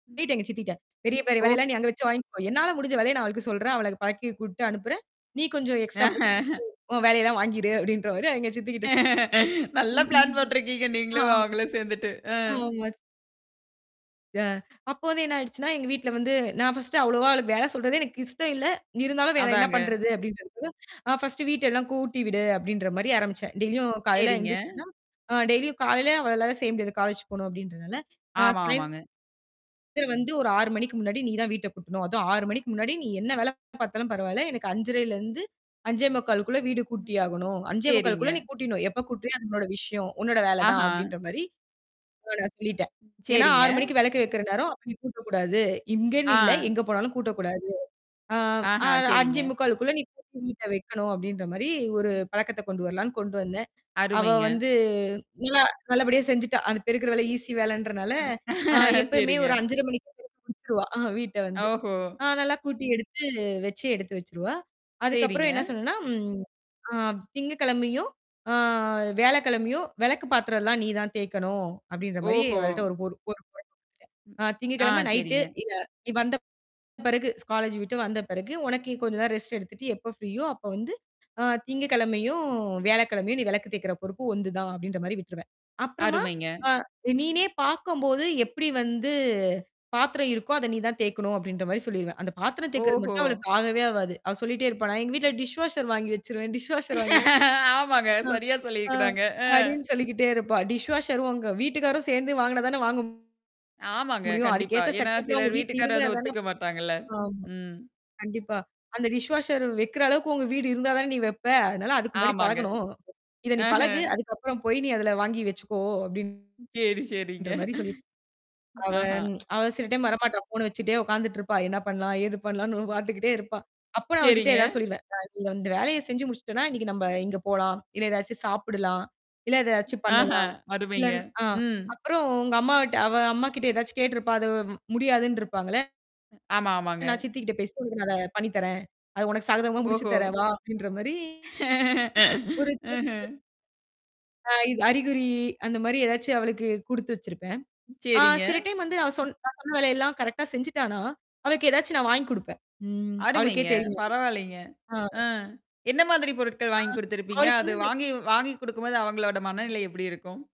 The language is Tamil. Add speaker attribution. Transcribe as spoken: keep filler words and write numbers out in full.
Speaker 1: சொல்லிட்டேன் எங்க சித்திட்ட, "பெரிய பெரிய வேலை
Speaker 2: ஓ.
Speaker 1: எல்லாம் நீ அங்க வச்சு வாங்கிக்கோ என்னால முடிஞ்ச வேலைய நான் அவளுக்குச் சொல்றேன். அவளளுக்கு பழக்கி கூட்டு அனுப்புறேன். நீ கொஞ்சம் எக்ஸ்ட்ரா [unintelligible] பு உன் வேலையல்லாம் வாங்கிரு" அப்படின்ற மாரி எங்க சித்தி கிட்ட
Speaker 2: நல்லா பிளான் போட்ருக்கீங்க நீங்களும்
Speaker 1: ஆமா
Speaker 2: அவுங்களும் சேந்துட்டு. ஆ.
Speaker 1: ஆமா. யா அப்போ வந்து என்னா ஆயிடுச்சுனா, எங்க வீட்ல வந்து நான் ஃபஸ்டு அவ்வளவா அவளுக்கு வேல சொல்றதே எனக்கு இஷ்டம் இல்ல, இருந்தாலும் வேற என்னா
Speaker 2: அதாங்க.
Speaker 1: பண்றது? அப்படின்னு சொல்ட்டு அ "ஃபஸ்டு வீட்டை எல்லாம் கூட்டி விடு" அப்படின்ற மாதிரி ஆரம்பிச்சேன். டெய்லியும் காலைல
Speaker 2: சரிங்க.
Speaker 1: எந்திருச்சன்னா அ டெய்லியும் காலைல அவளாலலாம் செய்ய முடியாது. காலேஜ் போணும் அப்படின்றனால, அ
Speaker 2: ஆமாமாங்க.
Speaker 1: "சாயந்திரம் வந்து ஒரு ஆறு மணிக்கு முன்னாடி நீ தான் வீட்டைக் கூட்டணும். அதும் ஆறு மணிக்கு முன்னாடி, நீ என்ன
Speaker 2: ம்.
Speaker 1: வேலை பாத்தாலும் பரவால்லை, எனக்கு அஞ்சரைல இருந்து அஞ்சே முக்கால்க்கு உள்ள வீடு
Speaker 2: ம்.
Speaker 1: கூட்டி ஆகணும். அஞ்சே
Speaker 2: சரிங்க.
Speaker 1: முக்கால்குள்ள நீ கூட்டிட்னும். எப்ப கூட்டுறியோ அது உன்னோட விஷயம், உன்னோட வேலை தான்"
Speaker 2: ஆஹா.
Speaker 1: அப்படின்ற மாரி சொல்லிட்டேன். "ஏன்னா ஆறு
Speaker 2: சரிங்க.
Speaker 1: மணிக்கு வெளக்கு வைக்கிற நேரம் நீ கூட்டக் கூடாது. இங்கேன்னு இல்ல,
Speaker 2: ஆ.
Speaker 1: எங்க போனாலும் கூட்டக் கூடாது. ஆ
Speaker 2: ஆஹா.
Speaker 1: அஞ்சே
Speaker 2: சரிங்க.
Speaker 1: முக்கால்க்குள்ள நீ கூட்டி வீட்ட வைக்கணும்" அப்படின்ற மாரி ஒரு
Speaker 2: ம்.
Speaker 1: பழக்கத்தை கொண்டு வரலாம்ன்னு, கொண்டு வந்தேன். அவ
Speaker 2: அருமைங்க.
Speaker 1: வந்து நல்லா நல்லபடியா செஞ்சுட்டா. அந்தப் பெருக்கிற வேலை ஈஸி வேலைன்றனால அ எப்பவுமே
Speaker 2: சரிங்க.
Speaker 1: ஒரு அஞ்சரை மணிக்கு கூட்டிருவா அ வீட்ட வந்து.
Speaker 2: ஓஹோ.
Speaker 1: அ நல்லா கூட்டி, எடுத்து, வச்சு, எடுத்து வச்சிருவா. அதுக்கப்புறம்
Speaker 2: சரிங்க.
Speaker 1: என்ன சொன்னேன்னா, ம் "திங்ககிழமையும், ஆ வியாழக்கிழமையும், வெளக்கு பாத்திரல்லாம் நீ தான் தேய்க்கணும்!" அப்டின்ற மாரி
Speaker 2: ஓஹோ.
Speaker 1: அவள்ட ஒரு [unintelligible] அ
Speaker 2: ஆ,
Speaker 1: திங்ககிழம நைட்டு,
Speaker 2: சரிங்க.
Speaker 1: இவ நீ வந்த பிறகு காலேஜ் விட்டு வந்த பிறகு, உனக்குக் கொஞ்சம் ரெஸ்டட் எடுத்துட்டு எப்ப ஃப்ரீயோ அப்ப வந்து, அ திங்ககிழமயும், வியாழக்கிழமயும், நீ வெளக்கு தேய்க்கிற பொறுப்பு ஒன்து தான் அப்படின்ற மாரி விட்ருவேன். அப்புறமா,
Speaker 2: அருமைங்க.
Speaker 1: ஆ "நீனே பாக்கம்போது, எப்டி வந்து பாத்திரம் இருக்கோ? அத நீ தான் தேய்க்கணும்" அப்படின்ற மாரி சொல்லிருவேன் அந்தப் பாத்திரம் தேய்க்குறக்கு
Speaker 2: ஓஹோ.
Speaker 1: மட்டும் அவளுக்கு ஆகவே ஆகாது. அவ சொல்லிட்டே
Speaker 2: ம்.
Speaker 1: இருப்பா. "நான் எங்க வீட்டுல டிஷ் வாஷர் வாங்கி வச்சிருவேன் டிஷ் வாஷர் வாங்கி"
Speaker 2: ஆமாங்க.
Speaker 1: அ
Speaker 2: சரியா சொல்லி
Speaker 1: அ
Speaker 2: இருக்குறாங்க.
Speaker 1: அப்படின்னு சொல்லிக்கிட்டே இருப்பா. "டிஷ் வாஷர் உங்க வீட்டுக்காரும் சேந்து வாங்குனா தானே, வாங்க
Speaker 2: ஆமாங்க,
Speaker 1: முடியும்? அதுக்கு
Speaker 2: கண்டிப்பா.
Speaker 1: ஏத்த
Speaker 2: ஏன்னா
Speaker 1: செட்டப்லாம் உங்க
Speaker 2: சிலர்
Speaker 1: வீட்ல இருந்தா
Speaker 2: வீட்டுக்காரர்
Speaker 1: தானே
Speaker 2: ஒத்துக்க மாட்டாங்க இல்ல.
Speaker 1: ஆமா,
Speaker 2: ம்.
Speaker 1: கண்டிப்பா அந்த டிஷ் வாஷர் வெக்கிற அளவுக்கு உங்க வீடு இருந்தா தான்டீ வெப்பே! அதுனால, அதுக்கு முன்னாடி
Speaker 2: ஆமாங்க.
Speaker 1: பழகணும். இத நீ
Speaker 2: ஆஹ.
Speaker 1: பழகு. அதுக்கப்புறம் போய், நீ அதுல வாங்கி வெச்சுக்கோ!" அப்படின்ற
Speaker 2: சரி சரிங்க.
Speaker 1: மாரி சொல்லி வச் அவ
Speaker 2: ஆஹா.
Speaker 1: அவ சில டைம் வர மாட்டா. ஃபோன வச்சுக்ட்டே உக்காந்துட்டு இருப்பா. என்ன பண்ணலாம், ஏது
Speaker 2: ம்,
Speaker 1: பண்ணலாம்னு
Speaker 2: ம்.
Speaker 1: பாத்துகிட்டே இருப்பா. அப்ப நான் அவகிட்ட
Speaker 2: சரிங்க.
Speaker 1: ஏதாவது சொல்லிருவேன். நான் இது அந்த வேலையைச் செஞ்சு முடிச்சிட்டன்னா, இன்னைக்கு நம்ப இங்க போலாம், இல்ல எதாச்சும் சாப்பிடலாம், இல்ல எதாச்சும்
Speaker 2: ஆஹ,
Speaker 1: பண்ணலாம். இல்ல
Speaker 2: அருமைங்க,
Speaker 1: அ
Speaker 2: ம்.
Speaker 1: அப்புறம் உங்க அம்மாகிட்ட அவ அம்மா கிட்ட எதாச்சும் கேட்ருப்பா, அது முடியாதுன்னு இருப்பாங்கல்ல!
Speaker 2: ஆமாமாங்க.
Speaker 1: "நான் சித்தி கிட்ட பேசினேன். உனக்கு நான் அத பண்ணி தரேன். அது உனக்குச் சாதகமா முடிச்சு
Speaker 2: ஓஹோ.
Speaker 1: தரேன் வா" அப்படின்ற மாரி ஒரு. [unintelligible]
Speaker 2: ம்ஹ்ம்.
Speaker 1: அ இது அறிகுறி, அந்த மாரி எதாச்சும் அவளுக்குக் குடுத்து வச்சிருப்பேன். அ
Speaker 2: சரிங்க.
Speaker 1: சில டைம் வந்து அவ சொன் நான் சொன்ன வேலையல்லாம் கரெக்டா செஞ்சுட்டானா! அவளுக்கு எதாச்சும் நான் வாங்கி குடுப்பேன். ம் அவளுக்கே
Speaker 2: அருமைங்க.
Speaker 1: தெரியும் அது
Speaker 2: பரவாயில்லைங்க.
Speaker 1: அ
Speaker 2: அஹ், என்னா மாதிரி பொருட்கள் வாங்கி குடுத்திருப்பீங்க?
Speaker 1: அவளுக்கு
Speaker 2: அது
Speaker 1: வந்து இந்த
Speaker 2: வாங்கி வாங்கி குடுக்கும் போது அவங்களோட மனநிலை எப்டி இருக்கும்?